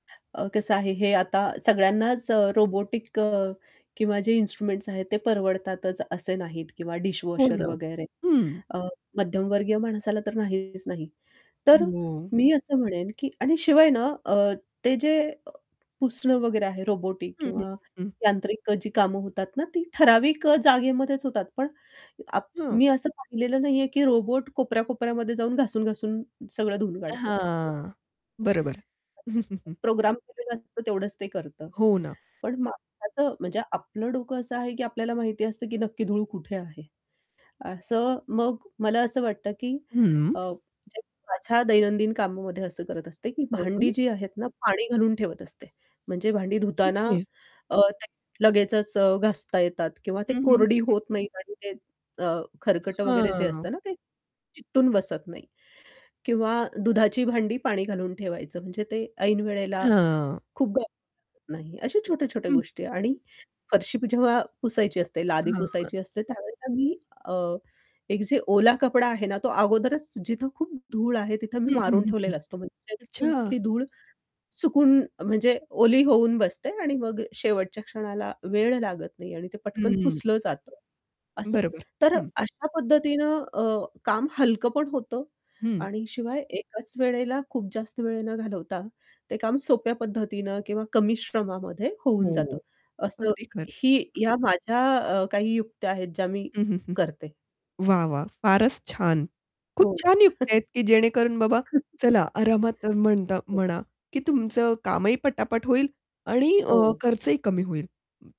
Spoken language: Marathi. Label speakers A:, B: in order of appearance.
A: अ, कसं आहे हे आता सगळ्यांनाच अ, रोबोटिक अ, किंवा जे इन्स्ट्रुमेंट्स आहेत ते परवडतातच असे नाहीत किंवा
B: हो
A: डिशवॉशर
B: ना.
A: वगैरे
B: हं.
A: अ, मध्यमवर्गीय माणसाला तर नाहीच नाही. तर
B: हो.
A: मी असं म्हणेन, की आणि शिवाय ना अ, ते जे अ, पुसणं वगैरे आहे रोबोटिक
B: हं, हं,
A: किंवा
B: हं, हं.
A: यांत्रिक जी कामं होतात ना ती ठराविक अ, जागेमध्येच होतात. पण अप
B: हं.
A: मी असं पाहिलेलं नाही आहे, की रोबोट कोपऱ्या-कोपऱ्यामध्ये जाऊन, घासून-घासून सगळं धुवून काढतो.
B: हां. बरोबर. हं, हं, हं.
A: प्रोग्राम केलेला असतो. तेवढंच ते करतं.
B: हो ना.
A: पण
B: हं.
A: माणसाचं म्हणजे आपलं डोकं असं आहे, की आपल्याला माहिती असतं, की नक्की धूळ कुठे आहे, असं मग मला असं वाटतं, की
B: हं.
A: अ, म्हणजे माझ्या दैनंदिन कामामध्ये असं करत असते, की
B: हं,
A: भांडी
B: हं.
A: जी आहेत ना पाणी घालून ठेवत असते, म्हणजे भांडी धुताना
B: ओके.
A: अ, ते लगेचच अ, घासता येतात किंवा ते
B: हं, हं, हं.
A: कोरडी होत नाहीत आणि ते अ, खरकटं
B: अ,
A: वगैरे जे
B: हां.
A: असतं ना ते चिकटून बसत नाही. किंवा दुधाची भांडी पाणी घालून ठेवायचं म्हणजे ते ऐन वेळेला
B: हां.
A: खूप [unintelligible] नाही. अशा छोट्या-छोट्या
B: हं.
A: गोष्टी आणि फरशी जेव्हा पुसायची असते, लादी
B: हां.
A: पुसायची असते त्यावेळेला मी अ, एक जे ओला कपडा आहे ना तो अगोदरच जिथं खूप धूळ आहे तिथं मी
B: हं, हं,
A: मारून
B: हं, हं.
A: ठेवलेला असतो. म्हणजे उडून
B: अच्छा.
A: तिथली धूळ चुकून म्हणजे ओली होऊन बसते आणि मग शेवटच्या क्षणाला वेळ लागत नाही आणि ते पटकन
B: हं.
A: पुसलं जातं असं.
B: बरोबर.
A: तर
B: हं.
A: अशा पद्धतीनं अ, काम हलकं पण होतं
B: हं.
A: आणि शिवाय एकाच वेळेला खूप जास्त वेळ न घालवता ते काम सोप्या पद्धतीनं किंवा कमी श्रमामध्ये होऊन
B: हो.
A: जातं,
B: अगदी खरं.
A: असंही या माझ्या अ, काही युक्त्या आहेत ज्या मी
B: हं, हं, हं.
A: करते.
B: वाह! वाह! फारच छान. खूप
A: हो.
B: छान युक्त्या आहेत, की जेणेकरून बाबा चला आरामात म्हणता
A: हो.
B: म्हणा, की तुमचं कामही पटापट होईल आणि अ,
A: हो.
B: खर्चही कमी होईल. हं.